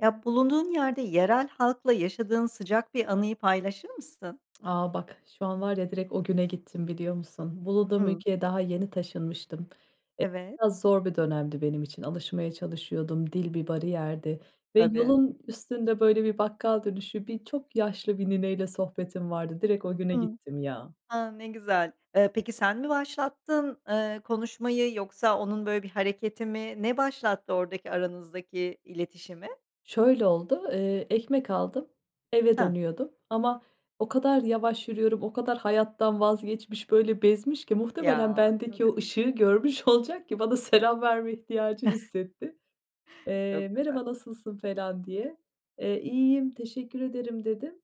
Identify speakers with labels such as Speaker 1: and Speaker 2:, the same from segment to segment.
Speaker 1: Ya, bulunduğun yerde yerel halkla yaşadığın sıcak bir anıyı paylaşır mısın?
Speaker 2: A! Bak şu an var ya direkt o güne gittim biliyor musun? Bulunduğum
Speaker 1: Hımm.
Speaker 2: ülkeye daha yeni taşınmıştım. E,
Speaker 1: Evet.
Speaker 2: biraz zor bir dönemdi benim için, alışmaya çalışıyordum. Dil bir bariyerdi ve
Speaker 1: Tabii.
Speaker 2: yolun üstünde böyle bir bakkal dönüşü birçok yaşlı bir nineyle sohbetim vardı. Direkt o güne
Speaker 1: Hımm.
Speaker 2: gittim ya.
Speaker 1: A! Ne güzel. Eee, peki sen mi başlattın, eee, konuşmayı, yoksa onun böyle bir hareketi mi ne başlattı oradaki aranızdaki iletişimi?
Speaker 2: Şöyle oldu, eee, ekmek aldım eve
Speaker 1: Hah.
Speaker 2: dönüyordum ama o kadar yavaş yürüyorum, o kadar hayattan vazgeçmiş, böyle bezmiş ki muhtemelen
Speaker 1: Ya,
Speaker 2: bendeki
Speaker 1: tabii.
Speaker 2: o ışığı görmüş olacak ki bana selam verme ihtiyacı hissetti. Eee,
Speaker 1: Çok güzel.
Speaker 2: "Merhaba, nasılsın?" falan diye. Eee, "İyiyim, teşekkür ederim." dedim.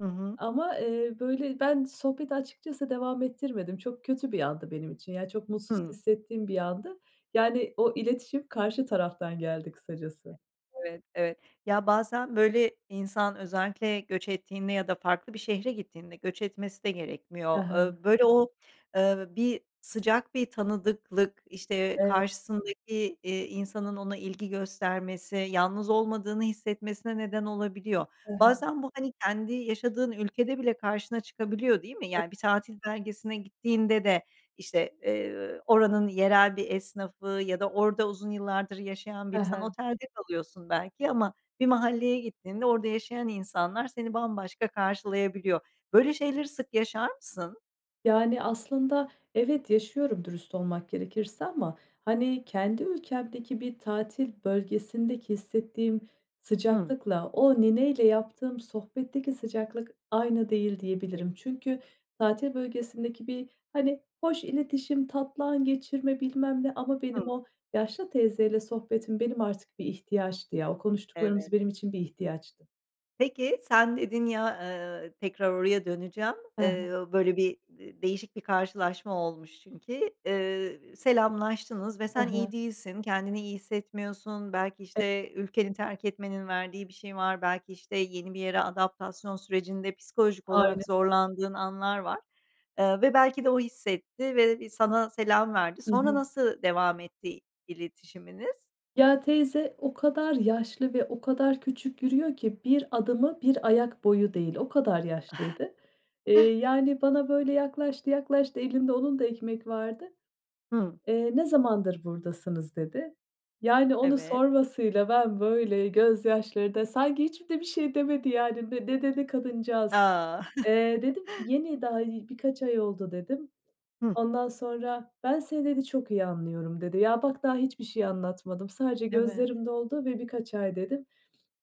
Speaker 1: Hı hı.
Speaker 2: Ama, eee, böyle ben sohbeti açıkçası devam ettirmedim. Çok kötü bir andı benim için ya, çok mutsuz
Speaker 1: Hımm.
Speaker 2: hissettiğim bir andı yani, o iletişim karşı taraftan geldi kısacası.
Speaker 1: Evet, evet. Ya bazen böyle insan özellikle göç ettiğinde ya da farklı bir şehre gittiğinde göç etmesi de gerekmiyor.
Speaker 2: He he.
Speaker 1: Iıı, böyle o, ııı, bir sıcak bir tanıdıklık işte,
Speaker 2: Eve
Speaker 1: karşısındaki, iii, insanın ona ilgi göstermesi, yalnız olmadığını hissetmesine neden olabiliyor.
Speaker 2: Hı hı.
Speaker 1: Bazen bu hani, kendi yaşadığın ülkede bile karşına çıkabiliyor değil mi?
Speaker 2: [unintelligible]
Speaker 1: Yani bir tatil beldesine gittiğinde de işte, eee, oranın yerel bir esnafı ya da orada uzun yıllardır yaşayan
Speaker 2: He
Speaker 1: biri sen
Speaker 2: he.
Speaker 1: otelde kalıyorsun belki ama bir mahalleye gittiğinde orada yaşayan insanlar seni bambaşka karşılayabiliyor. Böyle şeyleri sık yaşar mısın?
Speaker 2: Yani, aslında evet, yaşıyorum dürüst olmak gerekirse ama, hani, kendi ülkemdeki bir tatil bölgesindeki hissettiğim
Speaker 1: Hımm.
Speaker 2: sıcaklıkla, o nineyle yaptığım sohbetteki sıcaklık aynı değil
Speaker 1: [unintelligible]
Speaker 2: diyebilirim. Çünkü tatil bölgesindeki bir, hani, hoş iletişim, tatlı an geçirme bilmem ne. Ama benim
Speaker 1: Hımm.
Speaker 2: o yaşlı teyzeyle sohbetim benim artık bir ihtiyaçtı, ya. O
Speaker 1: Evet.
Speaker 2: konuştuklarımız benim için bir ihtiyaçtı.
Speaker 1: Peki, sen dedin ya, ııı, tekrar oraya döneceğim.
Speaker 2: Ha ha.
Speaker 1: Iıı, böyle bir de değişik bir karşılaşma olmuş çünkü. Iıı, selamlaştınız ve
Speaker 2: Hı
Speaker 1: sen iyi
Speaker 2: hı.
Speaker 1: değilsin, kendini iyi hissetmiyorsun. Belki,
Speaker 2: E
Speaker 1: işte, ülkenin terk etmenin verdiği bir şey var, belki, işte, yeni bir yere adaptasyon sürecinde psikolojik
Speaker 2: Aynen
Speaker 1: olarak
Speaker 2: aynen.
Speaker 1: zorlandığın anlar var. Iıı, ve belki de o hissetti ve bir sana selam verdi.
Speaker 2: Hı
Speaker 1: Sonra
Speaker 2: hı.
Speaker 1: nasıl devam etti i iletişiminiz?
Speaker 2: Ya, teyze o kadar yaşlı ve o kadar küçük yürüyor ki, 1 adımı 1 ayak boyu değil, o kadar yaşlıydı. Eee, yani bana böyle yaklaştı yaklaştı, elinde onun da ekmek vardı.
Speaker 1: Hımm.
Speaker 2: Eee, "Ne zamandır buradasınız?" dedi. Yani onu
Speaker 1: Evet.
Speaker 2: sormasıyla ben böyle gözyaşlarında Sanki hiçbir de bir şey demedi yani. Ne dedi kadıncağız?
Speaker 1: A!
Speaker 2: Eee, dedim ki: "Yeni daha, ııı, birkaç ay oldu." dedim.
Speaker 1: Hı.
Speaker 2: Ondan sonra "Ben seni" dedi "Çok iyi anlıyorum." dedi. Ya, bak, daha hiçbir şey anlatmadım, sadece
Speaker 1: Evet.
Speaker 2: gözlerim doldu ve "birkaç ay" dedim.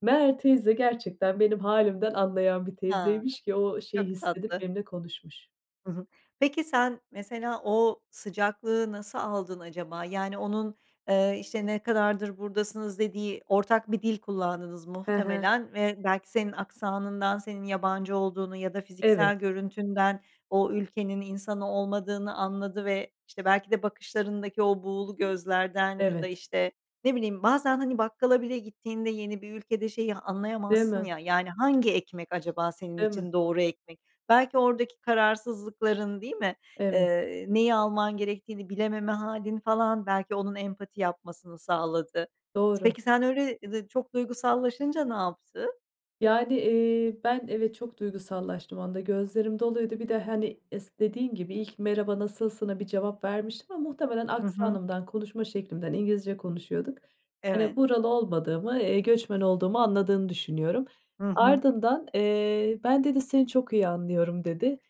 Speaker 2: Meğer teyze gerçekten benim hâlimden anlayan bir
Speaker 1: Ha,
Speaker 2: teyzeymiş ki o şeyi
Speaker 1: çok
Speaker 2: hissedip
Speaker 1: tatlı.
Speaker 2: benimle konuşmuş.
Speaker 1: Hı hı. Peki, sen mesela o sıcaklığı nasıl aldın acaba? Yani onun, eee, işte, "Ne kadardır buradasınız?" dediği ortak bir dil kullandınız
Speaker 2: Hı hı.
Speaker 1: muhtemelen ve belki senin aksanından, senin yabancı olduğunu ya da
Speaker 2: Evet.
Speaker 1: fiziksel görüntünden o ülkenin insanı olmadığını anladı ve, işte, belki de bakışlarındaki o buğulu gözlerden ya da,
Speaker 2: Evet.
Speaker 1: işte, ne bileyim... Bazen hani bakkala bile gittiğinde yeni bir ülkede şeyi
Speaker 2: Değil
Speaker 1: anlayamazsın
Speaker 2: mi?
Speaker 1: ya, yani hangi ekmek acaba senin
Speaker 2: Değil mi?
Speaker 1: için doğru ekmek? Belki oradaki kararsızlıkların, değil mi?
Speaker 2: Evet.
Speaker 1: Eee, neyi alman gerektiğini bilememe hâlin falan belki onun empati yapmasını sağladı.
Speaker 2: Doğru.
Speaker 1: Peki, sen öyle, ııı, de çok duygusallaşınca ne yaptı?
Speaker 2: Yani, eee, ben evet, çok duygusallaştım o anda, gözlerim doluydu bir de, hani, is dediğin gibi, ilk merhaba nasılsına bir cevap vermiştim ama muhtemelen
Speaker 1: Hı hı.
Speaker 2: aksanımdan, konuşma şeklimden ,İngilizce konuşuyorduk, hani,
Speaker 1: Evet.
Speaker 2: buralı olmadığımı, eee, göçmen olduğumu anladığını düşünüyorum.
Speaker 1: Hı hı.
Speaker 2: Ardından, eee, "ben" dedi "Seni çok iyi anlıyorum." dedi.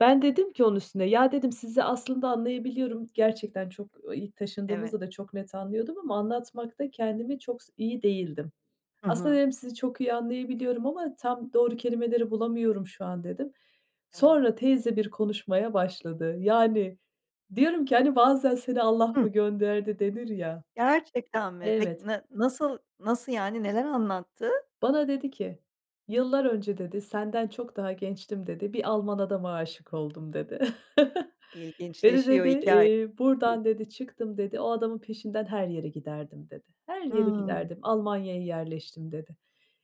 Speaker 2: Ben dedim ki onun üstüne: "ya" dedim "Sizi aslında anlayabiliyorum." Gerçekten çok İlk
Speaker 1: Evet.
Speaker 2: taşındığımızda da çok net anlıyordum ama anlatmakta kendimi çok s iyi değildim.
Speaker 1: Hı
Speaker 2: Aslında
Speaker 1: hı.
Speaker 2: dedim: "Sizi çok iyi anlayabiliyorum ama tam doğru kelimeleri bulamıyorum şu an." dedim.
Speaker 1: Evet.
Speaker 2: Sonra teyze bir konuşmaya başladı. Yani diyorum ki, hani, bazen "Seni Allah
Speaker 1: Hıh.
Speaker 2: mı gönderdi?" denir ya.
Speaker 1: Gerçekten mi? Peki,
Speaker 2: Evet.
Speaker 1: na nasıl nasıl yani neler anlattı?
Speaker 2: Bana dedi ki: "yıllar önce" dedi, "Senden çok daha gençtim." dedi. "Bir Alman adama aşık oldum." dedi. "Beni"
Speaker 1: İlginçleşiyor
Speaker 2: dedi,
Speaker 1: hikâye.
Speaker 2: "eee,
Speaker 1: Hıh.
Speaker 2: buradan" dedi, "Çıktım." dedi. "O adamın peşinden her yere giderdim." dedi. "Her yere
Speaker 1: Hıı.
Speaker 2: giderdim, Almanya'ya yerleştim." dedi."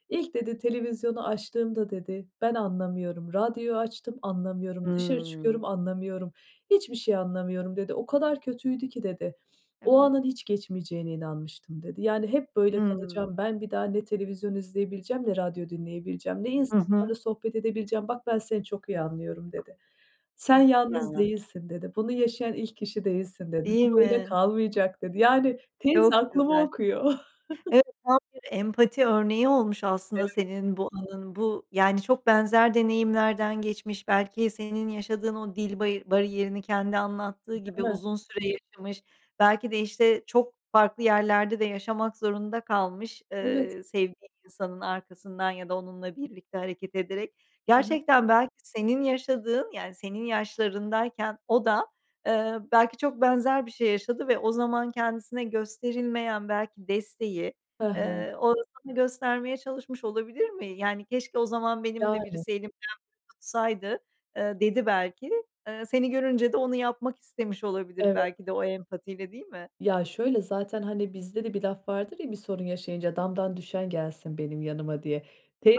Speaker 2: İlk" dedi, "televizyonu açtığımda" dedi, "Ben anlamıyorum, radyo açtım anlamıyorum, dışarı
Speaker 1: Hımm.
Speaker 2: çıkıyorum anlamıyorum, hiçbir şey anlamıyorum." dedi. "O kadar kötüydü ki." dedi, "O
Speaker 1: Evet.
Speaker 2: anın hiç geçmeyeceğine inanmıştım." dedi. "Yani hep böyle
Speaker 1: Hımm.
Speaker 2: kalacağım, ben bir daha ne televizyon izleyebileceğim, ne radyo dinleyebileceğim, ne
Speaker 1: Hı hı.
Speaker 2: insanlarla sohbet edebileceğim, bak ben seni çok iyi anlıyorum." dedi.
Speaker 1: Hıh.
Speaker 2: "Sen yalnız
Speaker 1: [unintelligible]
Speaker 2: değilsin." dedi. "Bunu yaşayan ilk kişi değilsin." dedi.
Speaker 1: Değil
Speaker 2: "Bu böyle
Speaker 1: mi?
Speaker 2: kalmayacak." dedi. Yani teyze
Speaker 1: Çok
Speaker 2: aklımı
Speaker 1: güzel.
Speaker 2: okuyor.
Speaker 1: Evet, tam bir empati örneği olmuş aslında
Speaker 2: Evet.
Speaker 1: senin bu anın. Bu yani çok benzer deneyimlerden geçmiş, belki senin yaşadığın o dil bari bariyerini kendi anlattığı
Speaker 2: Değil
Speaker 1: gibi
Speaker 2: mi?
Speaker 1: uzun süre yaşamış, belki de, işte, çok farklı yerlerde de yaşamak zorunda kalmış,
Speaker 2: Evet.
Speaker 1: ııı, sevdiği insanın arkasından ya da onunla birlikte hareket ederek.
Speaker 2: Hı hı.
Speaker 1: Gerçekten belki senin yaşadığın, yani senin yaşlarındayken o da, ııı, belki çok benzer bir şey yaşadı ve o zaman kendisine gösterilmeyen belki desteği,
Speaker 2: Hı hı.
Speaker 1: ııı, o da sana göstermeye çalışmış olabilir mi? Yani keşke o zaman benim de
Speaker 2: Yani.
Speaker 1: birisi elimden tutsaydı, ııı, dedi belki. Iıı, seni görünce de onu yapmak istemiş olabilir
Speaker 2: Evet.
Speaker 1: belki de o empatiyle, değil mi?
Speaker 2: Ya, şöyle zaten, hani, bizde de bir laf vardır ya, bir sorun yaşayınca "Damdan düşen gelsin benim yanıma" diye.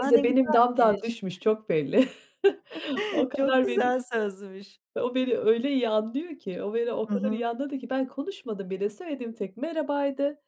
Speaker 1: A, ne
Speaker 2: benim damdan
Speaker 1: güzelmiş.
Speaker 2: düşmüş çok belli o
Speaker 1: Çok
Speaker 2: kadar belli.
Speaker 1: güzel sözmüş.
Speaker 2: O beni öyle iyi anlıyor ki o beni o
Speaker 1: Hı
Speaker 2: kadar
Speaker 1: hı.
Speaker 2: iyi anladı ki ben konuşmadım bile söylediğim tek merhabaydı,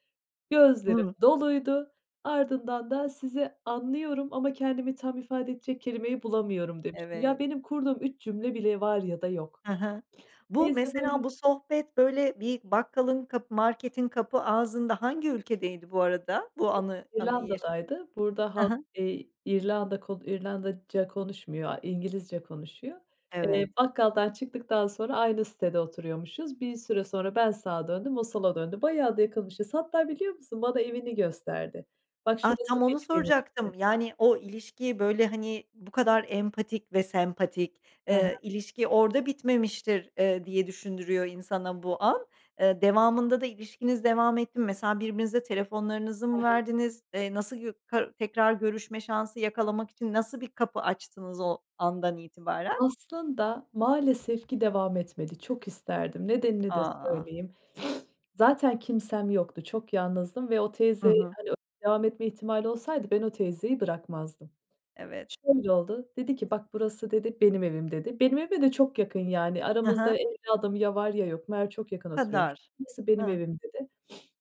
Speaker 2: gözlerim
Speaker 1: Hımm.
Speaker 2: doluydu. Ardından da "Sizi anlıyorum ama kendimi tam ifade edecek kelimeyi bulamıyorum." demiştim. Ya,
Speaker 1: Evet.
Speaker 2: benim kurduğum 3 cümle bile var ya da yok.
Speaker 1: Hı hı. Bu
Speaker 2: Teyze
Speaker 1: mesela
Speaker 2: böyle
Speaker 1: bu sohbet böyle bir bakkalın kapı marketin kapı ağzında hangi ülkedeydi bu arada? Bu
Speaker 2: Yok,
Speaker 1: anı anıyı yaşa
Speaker 2: İrlanda'daydı, burada
Speaker 1: Hı
Speaker 2: halk,
Speaker 1: hı.
Speaker 2: eee İrlanda k İrlandaca konuşmuyor, a İngilizce konuşuyor. Eee,
Speaker 1: Evet.
Speaker 2: bakkaldan çıktıktan sonra aynı sitede oturuyormuşuz. Bir süre sonra ben sağa döndüm, o sola döndü, bayağı da yakınmışız. Hatta biliyor musun bana evini gösterdi. "Bak,
Speaker 1: Ah,
Speaker 2: şurası
Speaker 1: tam onu
Speaker 2: benim evim."
Speaker 1: soracaktım.
Speaker 2: dedi.
Speaker 1: Yani o ilişki böyle, hani, bu kadar empatik ve sempatik,
Speaker 2: He he.
Speaker 1: eee, ilişki orada bitmemiştir, eee, diye düşündürüyor insana bu an. Eee, devamında da, eee, ilişkiniz devam etti mi, mesela birbirinize telefonlarınızı
Speaker 2: He
Speaker 1: mı
Speaker 2: he.
Speaker 1: verdiniz? Eee, nasıl, [unintelligible] tekrar görüşme şansı yakalamak için nasıl bir kapı açtınız o andan itibaren?
Speaker 2: Aslında maalesef ki devam etmedi, çok isterdim nedenini de
Speaker 1: A!
Speaker 2: söyleyeyim. Zaten kimsem yoktu, çok yalnızdım ve o
Speaker 1: Hı
Speaker 2: teyzeyle,
Speaker 1: hı.
Speaker 2: hani, devam etme ihtimali olsaydı, ben o teyzeyi bırakmazdım.
Speaker 1: Evet.
Speaker 2: Şöyle oldu, dedi ki: "bak, burası" dedi, "benim evim" dedi. Benim evime de çok yakın yani
Speaker 1: Hı
Speaker 2: aramızda
Speaker 1: hı.
Speaker 2: 50 adım ya var ya yok. Meğer çok yakın
Speaker 1: Bu
Speaker 2: oturuyormuş.
Speaker 1: kadar.
Speaker 2: "Burası benim
Speaker 1: Hı.
Speaker 2: evim." dedi.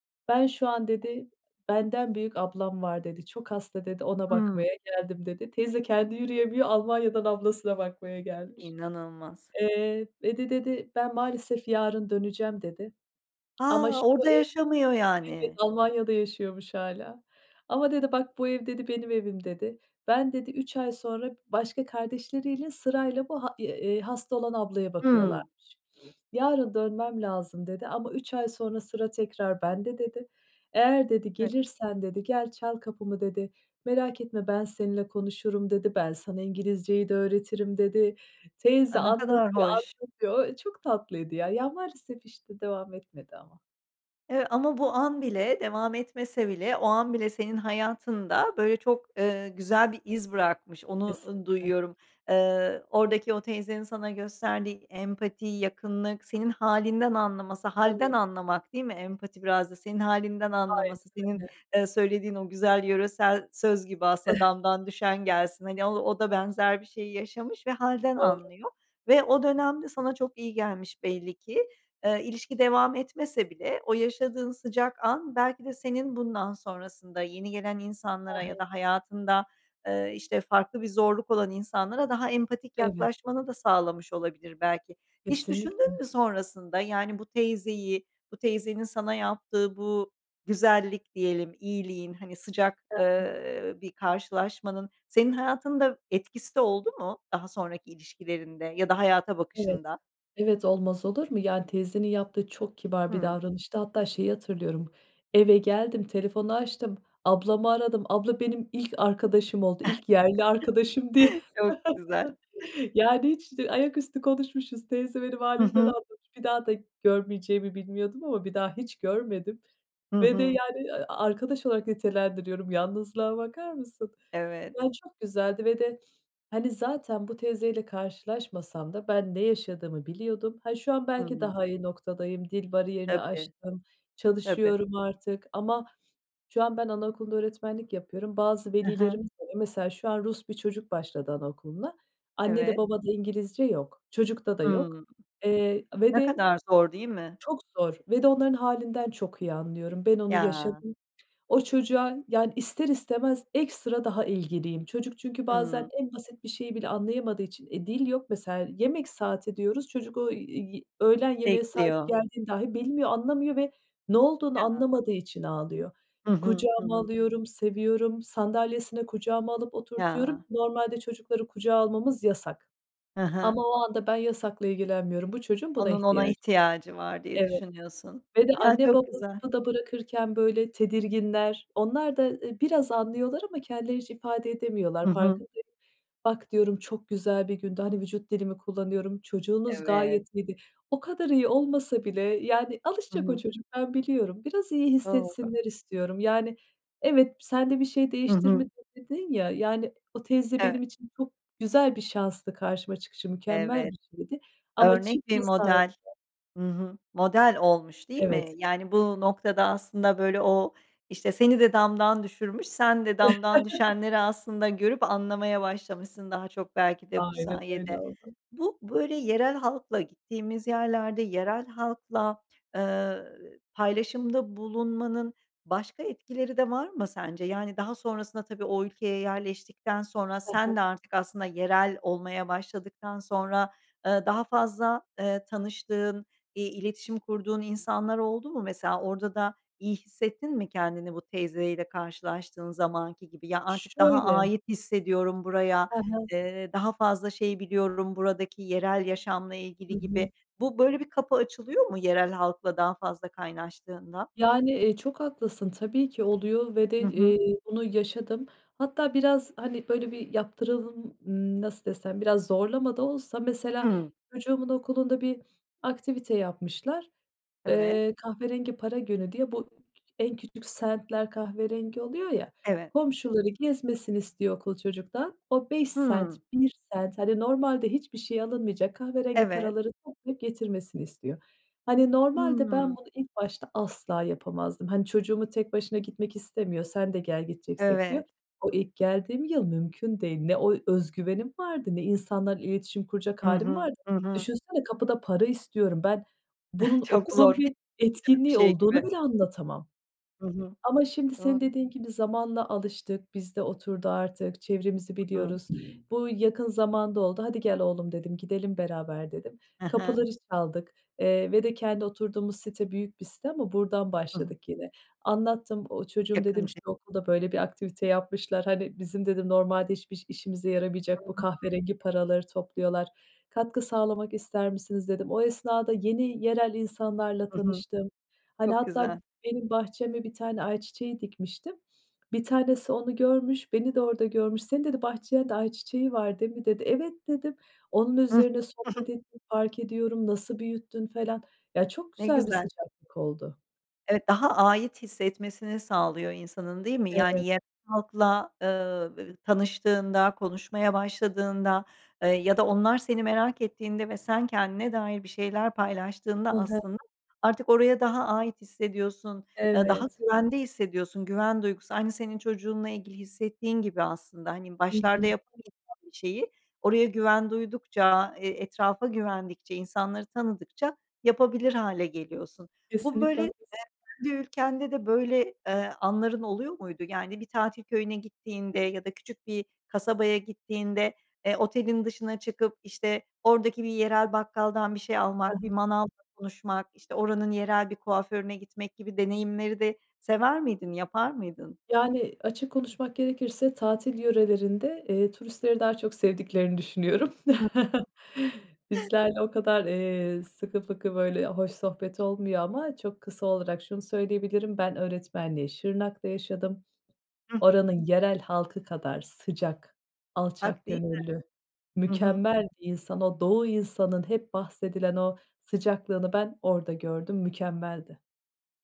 Speaker 2: "Ben şu an" dedi, "Benden büyük ablam var." dedi. "Çok hasta." dedi, "Ona
Speaker 1: Hımm.
Speaker 2: bakmaya geldim." dedi. Teyze kendi yürüyemiyor Almanya'dan ablasına bakmaya gelmiş.
Speaker 1: İnanılmaz.
Speaker 2: Eee, "ve de" dedi, "Ben maalesef yarın döneceğim." dedi. Ama
Speaker 1: A,
Speaker 2: şu
Speaker 1: orada
Speaker 2: ev
Speaker 1: yaşamıyor
Speaker 2: Evet,
Speaker 1: yani.
Speaker 2: Almanya'da yaşıyormuş hâlâ "ama" dedi, "Bak, bu ev dedi benim evim." dedi. "Ben" dedi, 3 ay sonra başka kardeşleriyle sırayla bu a eee, eee, hasta olan ablaya
Speaker 1: Hımm.
Speaker 2: bakıyorlarmış. "Yarın dönmem lazım." dedi, "Ama 3 ay sonra sıra tekrar bende." dedi. "Eğer" dedi,
Speaker 1: [unintelligible]
Speaker 2: "gelirsen" dedi, "Gel çal kapımı." dedi. "Merak etme ben seninle konuşurum." dedi, "Ben sana İngilizceyi de öğretirim." dedi. Teyze
Speaker 1: A, ne kadar
Speaker 2: anlatıyor
Speaker 1: hoş.
Speaker 2: anlatıyor, ooo, çok tatlıydı ya. Ya, maalesef, işte, devam etmedi ama.
Speaker 1: Eee, ama bu an bile devam etmese bile, o an bile senin hayatında böyle çok güzel bir iz bırakmış, onu, uuu,
Speaker 2: Kesinlikle.
Speaker 1: duyuyorum. Eee, oradaki o teyzenin sana gösterdiği empati, yakınlık, senin hâlinden anlaması... Hâlden
Speaker 2: Evet.
Speaker 1: anlamak, değil mi? Empati biraz da senin hâlinden
Speaker 2: Hayır,
Speaker 1: anlaması senin,
Speaker 2: aynen.
Speaker 1: eee, söylediğin o güzel yöresel söz gibi aslında
Speaker 2: Eh
Speaker 1: damdan düşen gelsin. Hani, o o da benzer bir şeyi yaşamış ve hâlden
Speaker 2: Doğru.
Speaker 1: anlıyor ve o dönemde sana çok iyi gelmiş belli ki. Eee, ilişki devam etmese bile o yaşadığın sıcak an belki de senin bundan sonrasında yeni gelen
Speaker 2: Ha
Speaker 1: insanlara ya
Speaker 2: ha.
Speaker 1: da hayatında, eee, işte, farklı bir zorluk olan insanlara daha empatik
Speaker 2: Evet.
Speaker 1: yaklaşmanı da sağlamış olabilir belki. Hiç düşündün
Speaker 2: Kesinlikle.
Speaker 1: mü sonrasında, yani, bu teyzeyi, bu teyzenin sana yaptığı bu "güzellik" diyelim, iyiliğin, hani, sıcak,
Speaker 2: He he.
Speaker 1: eee, bir karşılaşmanın senin hayatında etkisi de oldu mu daha sonraki ilişkilerinde ya da hayata
Speaker 2: Evet.
Speaker 1: bakışında?
Speaker 2: Evet, olmaz olur mu? Yani, teyzenin yaptığı çok kibar bir
Speaker 1: Hımm.
Speaker 2: davranıştı. Hatta şeyi hatırlıyorum, eve geldim, telefonu açtım, ablamı aradım, "Abla, benim ilk arkadaşım oldu, ilk yerli arkadaşım." diye.
Speaker 1: Çok güzel.
Speaker 2: Yani, hiç ayaküstü konuşmuşuz, teyze benim
Speaker 1: Hı
Speaker 2: hâlimden
Speaker 1: hı.
Speaker 2: anlamış, bir daha da görmeyeceğimi bilmiyordum ama bir daha hiç görmedim
Speaker 1: Hı
Speaker 2: ve de,
Speaker 1: hı.
Speaker 2: yani, arkadaş olarak nitelendiriyorum. Yalnızlığa bakar mısın?
Speaker 1: Evet.
Speaker 2: Ya, çok güzeldi ve de, hani, zaten bu teyzeyle karşılaşmasam da ben ne yaşadığımı biliyordum. Ha, şu an
Speaker 1: Hı
Speaker 2: belki
Speaker 1: hı.
Speaker 2: daha iyi noktadayım, dil bariyerini
Speaker 1: Tabii.
Speaker 2: aştım,
Speaker 1: Tabii.
Speaker 2: çalışıyorum artık ama şu an ben anaokulunda öğretmenlik yapıyorum. Bazı
Speaker 1: He he.
Speaker 2: velilerim de mesela şu an Rus bir çocuk başladı anaokuluna, annede
Speaker 1: Evet.
Speaker 2: babada İngilizce yok. Çocukta da yok,
Speaker 1: Hımm.
Speaker 2: eee, ve
Speaker 1: Ne
Speaker 2: de
Speaker 1: kadar zor, değil mi?
Speaker 2: çok zor ve de onların hâlinden çok iyi anlıyorum. Ben onu
Speaker 1: Ya!
Speaker 2: yaşadım. O çocuğa, yani, ister istemez ekstra daha ilgiliyim. Çocuk çünkü bazen
Speaker 1: Hımm.
Speaker 2: en basit bir şeyi bile anlayamadığı için, eee, dil yok mesela, "yemek saati" diyoruz, çocuk o, iii, öğlen yemeğe saati
Speaker 1: Bekliyor.
Speaker 2: geldiğini dâhi bilmiyor, anlamıyor ve ne olduğunu
Speaker 1: Ya!
Speaker 2: anlamadığı için ağlıyor.
Speaker 1: Hı hı. Hı
Speaker 2: Kucağıma
Speaker 1: hı.
Speaker 2: alıyorum, seviyorum, sandalyesine kucağıma alıp oturtuyorum.
Speaker 1: Ya!
Speaker 2: Normalde çocukları kucağa almamız yasak
Speaker 1: He he.
Speaker 2: ama o anda ben yasakla ilgilenmiyorum. Bu çocuğun buna
Speaker 1: Onun,
Speaker 2: ihtiyacı
Speaker 1: ona
Speaker 2: var.
Speaker 1: ihtiyacı var diye
Speaker 2: Evet
Speaker 1: düşünüyorsun.
Speaker 2: ve de
Speaker 1: Ya,
Speaker 2: anne
Speaker 1: çok
Speaker 2: baba
Speaker 1: güzel.
Speaker 2: kapıda bırakırken, böyle, tedirginler. Onlar da, eee, biraz anlıyorlar ama kendileri hiç ifade
Speaker 1: Hı
Speaker 2: edemiyorlar,
Speaker 1: hı.
Speaker 2: farkındayı "Bak," diyorum, "çok güzel bir gündü." Hani, vücut dilimi kullanıyorum, "Çocuğunuz
Speaker 1: Evet.
Speaker 2: gayet iyiydi." O kadar iyi olmasa bile, yani,
Speaker 1: Hı
Speaker 2: alışacak o
Speaker 1: hı.
Speaker 2: çocuk, ben biliyorum. Biraz iyi
Speaker 1: Doğru.
Speaker 2: hissetsinler istiyorum. Yani, evet, "Sen de bir şey
Speaker 1: Hı hı.
Speaker 2: değiştirmedi "dedin ya, yani, o teyze
Speaker 1: Evet.
Speaker 2: benim için çok güzel bir şanstı karşıma çıkışı mükemmel bir
Speaker 1: Evet,
Speaker 2: şeydi ama
Speaker 1: örnek bir
Speaker 2: çıkmasaydı
Speaker 1: model Hı hı, model olmuş, değil mi?
Speaker 2: Evet.
Speaker 1: Yani, bu noktada aslında, böyle, o, işte, seni de damdan düşürmüş, sen de damdan düşenleri aslında görüp anlamaya başlamışsın daha çok belki de bu
Speaker 2: Aynen öyle
Speaker 1: sayede.
Speaker 2: oldu.
Speaker 1: Bu, böyle, yerel halkla gittiğimiz yerlerde yerel halkla, eee, paylaşımda bulunmanın başka etkileri de var mı sence? Yani, daha sonrasında tabii o ülkeye yerleştikten sonra
Speaker 2: Ha ha.
Speaker 1: sen de artık aslında yerel olmaya başladıktan sonra, eee, daha fazla, eee, tanıştığın, eee, iletişim kurduğun insanlar oldu mu mesela? Orada da iyi hissettin mi kendini bu teyzeyle karşılaştığın zamanki gibi? "Ya, artık daha
Speaker 2: Şöyle
Speaker 1: ait hissediyorum buraya,
Speaker 2: Ha ha.
Speaker 1: eee, daha fazla şey biliyorum buradaki yerel yaşamla
Speaker 2: Hı
Speaker 1: ilgili." gibi
Speaker 2: hı.
Speaker 1: bu böyle, bir kapı açılıyor mu yerel halkla daha fazla kaynaştığında?
Speaker 2: Yani, e, çok haklısın. Tabii ki oluyor ve de,
Speaker 1: Hı hı.
Speaker 2: eee, bunu yaşadım. Hatta biraz, hani, böyle, bir yaptıralım Imm, nasıl desem, biraz zorlama da olsa mesela
Speaker 1: Hıı.
Speaker 2: çocuğumun okulunda bir aktivite yapmışlar.
Speaker 1: Evet.
Speaker 2: Eee, kahverengi para günü diye bu k k en küçük sentler kahverengi oluyor ya.
Speaker 1: Evet.
Speaker 2: Komşuları gezmesini istiyor okul çocuktan, o 5 sent,
Speaker 1: Hımm.
Speaker 2: 1 sent, hani, normalde hiçbir şey alınmayacak kahverengi
Speaker 1: Evet.
Speaker 2: paraları toplayıp getirmesini istiyor. Hani, normalde ben
Speaker 1: Imm.
Speaker 2: bunu ilk başta asla yapamazdım. Hani, çocuğumu tek başına gitmek istemiyor, "Sen de gel gideceksek." diyor.
Speaker 1: Evet.
Speaker 2: O ilk geldiğim yıl mümkün değil. Ne o özgüvenim vardı ne insanlarla iletişim kuracak
Speaker 1: Hı
Speaker 2: hâlim
Speaker 1: hı.
Speaker 2: vardı.
Speaker 1: Hı hı.
Speaker 2: Düşünsene kapıda para istiyorum. Ben bunun
Speaker 1: Çok
Speaker 2: okulun
Speaker 1: zor, hiç
Speaker 2: bir
Speaker 1: [unintelligible] bir
Speaker 2: etkinliği
Speaker 1: şey gibi.
Speaker 2: olduğunu bile anlatamam
Speaker 1: Hı hı.
Speaker 2: ama şimdi senin
Speaker 1: Doğru.
Speaker 2: dediğin gibi zamanla alıştık, biz de oturdu artık, çevremizi
Speaker 1: Hı hı.
Speaker 2: biliyoruz. Bu yakın zamanda oldu, "Hadi, gel oğlum." dedim, gidelim beraber dedim.
Speaker 1: He he.
Speaker 2: Kapıları çaldık, eee, ve de kendi oturduğumuz site büyük bir site ama buradan
Speaker 1: Hı hı.
Speaker 2: başladık yine. Anlattım, o, "Çocuğum,"
Speaker 1: Yakın
Speaker 2: dedim, "şu
Speaker 1: ç
Speaker 2: okulda, böyle, bir aktivite yapmışlar, hani, bizim dedim normalde hiç biş işimize yaramayacak bu
Speaker 1: Hıı.
Speaker 2: kahverengi paraları topluyorlar. Katkı sağlamak ister misiniz?" dedim. O esnada yeni yerel insanlarla
Speaker 1: Hı hı.
Speaker 2: tanıştım. Hani,
Speaker 1: Çok
Speaker 2: hatta
Speaker 1: güzel.
Speaker 2: benim bahçeme bir tane ayçiçeği dikmiştim. Bir tanesi onu görmüş, beni de orada görmüş. "Senin" dedi, "bahçende ayçiçeği var değil mi?" dedi. "Evet." dedim. Onun
Speaker 1: Hıh.
Speaker 2: üzerine
Speaker 1: Hı hı.
Speaker 2: sohbet ettim, "Fark ediyorum, nasıl büyüttün?" falan. Ya, çok
Speaker 1: Ne
Speaker 2: güzel bir
Speaker 1: güzel.
Speaker 2: sıcaklık oldu.
Speaker 1: Ev daha ait hissetmesini sağlıyor insanın, değil mi?
Speaker 2: Evet.
Speaker 1: Yani yerel halkla, ııı, ı tanıştığında, konuşmaya başladığında, ııı, ya da onlar seni merak ettiğinde ve sen kendine dair bir şeyler
Speaker 2: Hı
Speaker 1: paylaştığında
Speaker 2: hı.
Speaker 1: aslında artık oraya daha ait hissediyorsun, ııı, daha
Speaker 2: Evet.
Speaker 1: güvende hissediyorsun. Güven duygusu aynı senin çocuğunla ilgili hissettiğin gibi aslında. Hani,
Speaker 2: Hı
Speaker 1: başlarda
Speaker 2: hı.
Speaker 1: yapamayacağın bir şeyi oraya güven duydukça, e etrafa güvendikçe, insanları tanıdıkça yapabilir hâle geliyorsun. Bu
Speaker 2: Kesinlikle
Speaker 1: böyle [unintelligible]
Speaker 2: haklısın.
Speaker 1: kendi ülkende de böyle, eee, anların oluyor muydu? Yani bir tatil köyüne gittiğinde ya da küçük bir kasabaya gittiğinde, eee, otelin dışına çıkıp işte, oradaki bir yerel bakkaldan bir şey almak,
Speaker 2: He
Speaker 1: bir
Speaker 2: he.
Speaker 1: manavla konuşmak işte, oranın yerel bir kuaförüne gitmek gibi deneyimleri de sever miydin? Yapar mıydın?
Speaker 2: Yani açık konuşmak gerekirse tatil yörelerinde, eee, turistleri daha çok sevdiklerini düşünüyorum.
Speaker 1: [unintelligible]
Speaker 2: Bizlerle o kadar, eee, sıkı fıkı böyle hoş sohbet olmuyor ama çok kısa olarak şunu söyleyebilirim: Ben öğretmenliği Şırnak'ta yaşadım.
Speaker 1: [unintelligible]
Speaker 2: Oranın yerel halkı kadar sıcak, alçak
Speaker 1: Hak, değil mi?
Speaker 2: gönüllü,
Speaker 1: Hı hı.
Speaker 2: mükemmel bir insan o Doğu insanın hep bahsedilen o sıcaklığını ben orada gördüm. Mükemmeldi.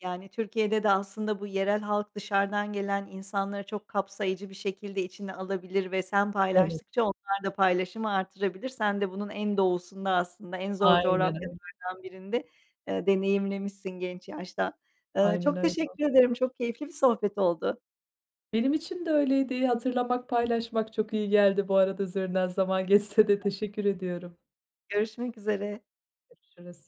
Speaker 1: Yani Türkiye'de de aslında bu yerel halk dışarıdan gelen insanları çok kapsayıcı bir şekilde içine alabilir ve sen
Speaker 2: Evet.
Speaker 1: paylaştıkça onlar da paylaşımı artırabilir. Sen de bunun en doğusunda aslında en zor
Speaker 2: Aynen öyle.
Speaker 1: coğrafyalardan birinde, eee, deneyimlemişsin genç yaşta. Iıı,
Speaker 2: Aynen
Speaker 1: çok
Speaker 2: öyle.
Speaker 1: teşekkür ederim. Çok keyifli bir sohbet oldu.
Speaker 2: Benim için de öyleydi. Hatırlamak, paylaşmak çok iyi geldi. Bu arada üzerinden zaman geçse de
Speaker 1: [unintelligible]
Speaker 2: teşekkür ediyorum.
Speaker 1: Görüşmek üzere.
Speaker 2: Görüşürüz.